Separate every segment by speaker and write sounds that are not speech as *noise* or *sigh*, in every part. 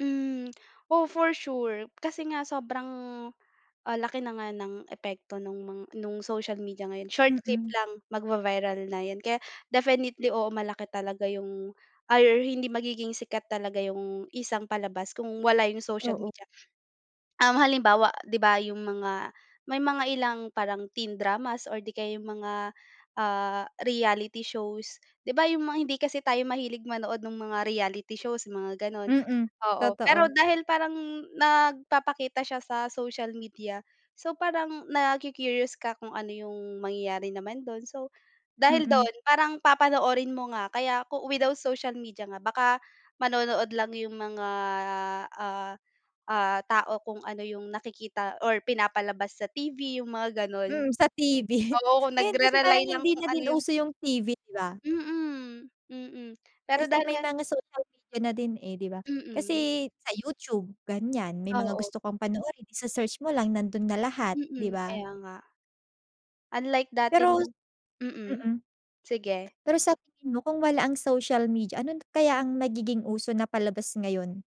Speaker 1: Hmm, oo for sure kasi nga sobrang, ah, laki na nga ng epekto nung mga social media ngayon, short clip
Speaker 2: Mm.
Speaker 1: lang magvi-viral na yun kaya definitely oo malaki talaga yung ay, hindi magiging sikat talaga yung isang palabas kung wala yung social
Speaker 2: Oo.
Speaker 1: media. Um, halimbawa 'di ba yung mga, may mga ilang parang teen dramas or 'di kaya yung mga, ah, reality shows, 'di ba yung mga hindi kasi tayo mahilig manood nung mga reality shows mga gano'n.
Speaker 2: Mm,
Speaker 1: Oo, pero
Speaker 2: totoo.
Speaker 1: dahil parang nagpapakita siya sa social media, so parang naku-curious ka kung ano yung mangyayari naman do'n. So, dahil
Speaker 2: Mm.
Speaker 1: do'n parang papanoorin mo nga kaya kung without social media nga baka manonood lang yung mga, ah, ah, tao kung ano yung nakikita or pinapalabas sa TV yung mga gano'n.
Speaker 2: Hmm, sa TV
Speaker 1: Oo
Speaker 2: Ngayon kasi parang
Speaker 1: nagre-rely lang
Speaker 2: hindi
Speaker 1: kung
Speaker 2: na
Speaker 1: ano
Speaker 2: din
Speaker 1: yung
Speaker 2: uso yung TV, 'di ba?
Speaker 1: Mm, mm. Pero
Speaker 2: Kasi
Speaker 1: dahil
Speaker 2: may
Speaker 1: nga
Speaker 2: mga social media na din, eh, 'di ba.
Speaker 1: Mm, ye
Speaker 2: Kasi sa YouTube ganyan, may mga
Speaker 1: Oo.
Speaker 2: gusto kong panoorin ise-search mo lang nando'n na lahat 'di
Speaker 1: Mm,
Speaker 2: ba?
Speaker 1: kaya nga. Unlike dati
Speaker 2: Pero
Speaker 1: na mm.
Speaker 2: mm.
Speaker 1: Sige.
Speaker 2: Pero sa tingin mo kung wala ang social media ano na kaya ang magiging uso na palabas ngayon?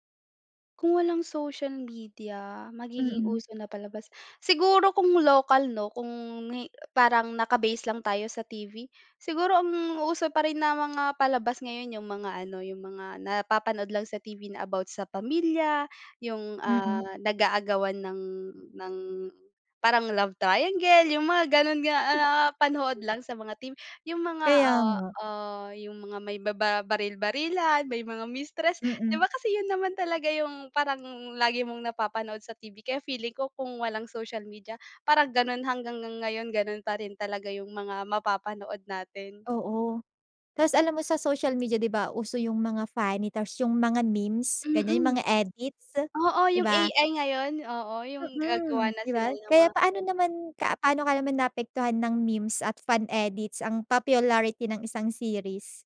Speaker 1: Kung walang social media, magiging
Speaker 2: Mm.
Speaker 1: uso na palabas? Siguro kung lokal 'no, kung hi parang naka-base lang tayo sa TV, siguro ang uso pa rin na mga palabas ngayon yung mga ano, yung mga napapanood lang sa TV na about sa pamilya. Yung,
Speaker 2: Mm.
Speaker 1: ah, nag-aagawan ng ng parang love triangle yung mga gano'n nga, ah, napapanood
Speaker 2: *chuckles*
Speaker 1: lang sa mga TV yung mga,
Speaker 2: Kaya
Speaker 1: ah,
Speaker 2: nga.
Speaker 1: ah, yung mga may bababaril-barilan, may mga mistress, 'di
Speaker 2: Mm.
Speaker 1: ba kasi yun naman talaga yung parang lagi mong napapanood sa TV. Kaya feeling ko kung walang social media parang gano'n, hanggang ngayon gano'n pa rin talaga yung mga mapapanood natin.
Speaker 2: Oo, ta's alam mo sa social media 'di ba uso yung mga funny ta's yung mga memes, ganyan yung
Speaker 1: Mm.
Speaker 2: mga edits,
Speaker 1: Oo
Speaker 2: 'di
Speaker 1: yung
Speaker 2: ba?
Speaker 1: AI ngayon, oo yung gagawa
Speaker 2: Mm,
Speaker 1: na
Speaker 2: 'di
Speaker 1: sila
Speaker 2: ba?
Speaker 1: ng
Speaker 2: Kaya
Speaker 1: mga
Speaker 2: paano
Speaker 1: kuwento.
Speaker 2: naman ka paano ka naman naapektuhan ng memes at fun edits ang popularity ng isang series?